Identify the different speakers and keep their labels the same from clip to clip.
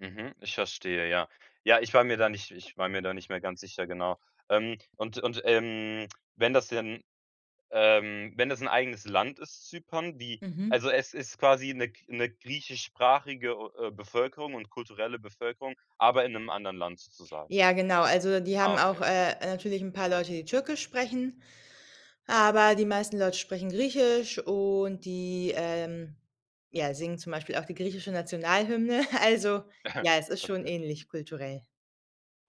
Speaker 1: Mhm, ich verstehe, ja. Ja, ich war mir da nicht ich war mir da nicht mehr ganz sicher, genau. Ähm, und und, ähm, wenn das denn, ähm, wenn das 'n eigenes Land ist, Zypern, wie
Speaker 2: Mhm.
Speaker 1: also es ist quasi 'ne g 'ne griechischsprachige o äh, Bevölkerung und kulturelle Bevölkerung, aber in 'nem anderen Land sozusagen.
Speaker 2: Ja, genau, also, die
Speaker 1: Ah,
Speaker 2: haben auch,
Speaker 1: okay. Mhm.
Speaker 2: äh, natürlich 'n paar Leute, die Türkisch sprechen, aber die meisten Leute sprechen Griechisch und die, ähm, ja, singen zum Beispiel auch die griechische Nationalhymne. Also, ja, es ist schon
Speaker 1: Okay.
Speaker 2: ähnlich kulturell.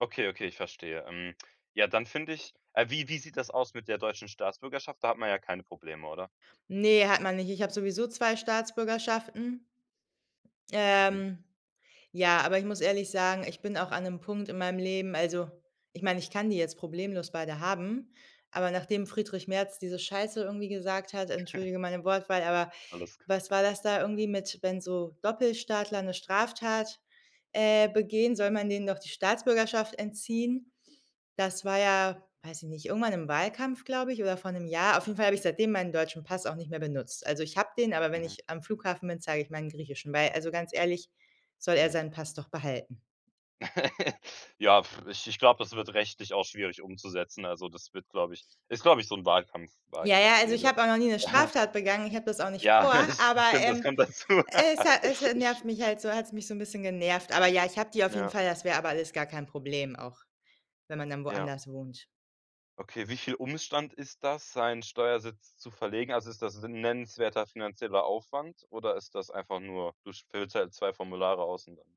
Speaker 1: Okay, okay, ich verstehe. Ähm. Ja, dann finde ich ei wie wie sieht das aus mit der deutschen Staatsbürgerschaft? Da hat man ja keine Probleme, oder?
Speaker 2: Ne, hat man nicht. Ich habe sowieso 2 Staatsbürgerschaften.
Speaker 1: Mhm.
Speaker 2: Ähm, ja, aber ich muss ehrlich sagen, ich bin auch an 'nem Punkt in meinem Leben also, ich meine, ich kann die jetzt problemlos beide haben, aber nachdem Friedrich Merz diese Scheiße irgendwie gesagt hat, entschuldige meine Wortwahl, aber
Speaker 1: Alles gut.
Speaker 2: was war das da irgendwie mit „Wenn so Doppelstaatler 'ne Straftat, äh, begehen, soll man denen doch die Staatsbürgerschaft entziehen?“ Das war ja- weiß ich nicht- irgendwann im Wahlkampf, glaube ich, oder vor 'nem Jahr. Auf jeden Fall habe ich seitdem meinen deutschen Pass auch nicht mehr benutzt. Also, ich habe den, aber wenn
Speaker 1: Mhm.
Speaker 2: ich am Flughafen bin, zeige ich meinen griechischen, weil, also ganz ehrlich, soll er
Speaker 1: Mhm.
Speaker 2: seinen Pass doch behalten.
Speaker 1: Ja, puh, ich ich glaub, das wird rechtlich auch schwierig umzusetzen. Also, das wird, glaube ich ist, glaube ich, so 'n Wahlkampf
Speaker 2: Ja, ja, also ich
Speaker 1: Wahlkampfgerede.
Speaker 2: habe auch noch nie 'ne Straftat begangen, ich habe das auch nicht
Speaker 1: Ja,
Speaker 2: vor,
Speaker 1: das
Speaker 2: aber,
Speaker 1: stimmt, das
Speaker 2: ähm,
Speaker 1: kommt dazu.
Speaker 2: es ha es, äh, nervt mich halt so hat's mich so 'n bisschen genervt. Aber ja, ich habe die auf jeden
Speaker 1: Ja.
Speaker 2: Fall. Das wäre aber alles gar kein Problem, auch wenn man dann
Speaker 1: Ja.
Speaker 2: woanders wohnt.
Speaker 1: Okay, wie viel Umstand ist das, seinen Steuersitz zu verlegen? Also ist das 'n nennenswerter finanzieller Aufwand oder ist das einfach nur, du sch füllst halt 2 Formulare aus und dann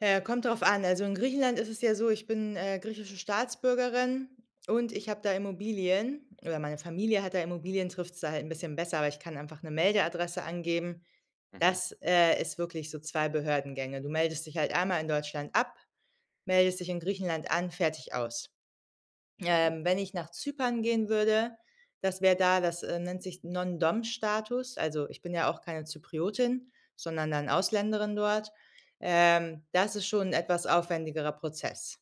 Speaker 2: Äh, kommt drauf an. Also in Griechenland ist es ja so, ich bin, äh, griechische Staatsbürgerin und ich habe da Immobilien, oder meine Familie hat da Immobilien, trifft's da halt 'n bisschen besser, aber ich kann einfach 'ne Meldeadresse angeben.
Speaker 1: Mhm.
Speaker 2: Das, äh, ist wirklich so 2 Behördengänge. Du meldest dich halt einmal in Deutschland ab, meldest dich in Griechenland an, fertig, aus.
Speaker 1: Mhm.
Speaker 2: Ähm, wenn ich nach Zypern gehen würde, das wäre da das, äh, nennt sich Non-Dom-Status. Also ich bin ja auch keine Zypriotin, sondern dann Ausländerin dort. Ähm, das ist schon 'n etwas aufwendigerer Prozess.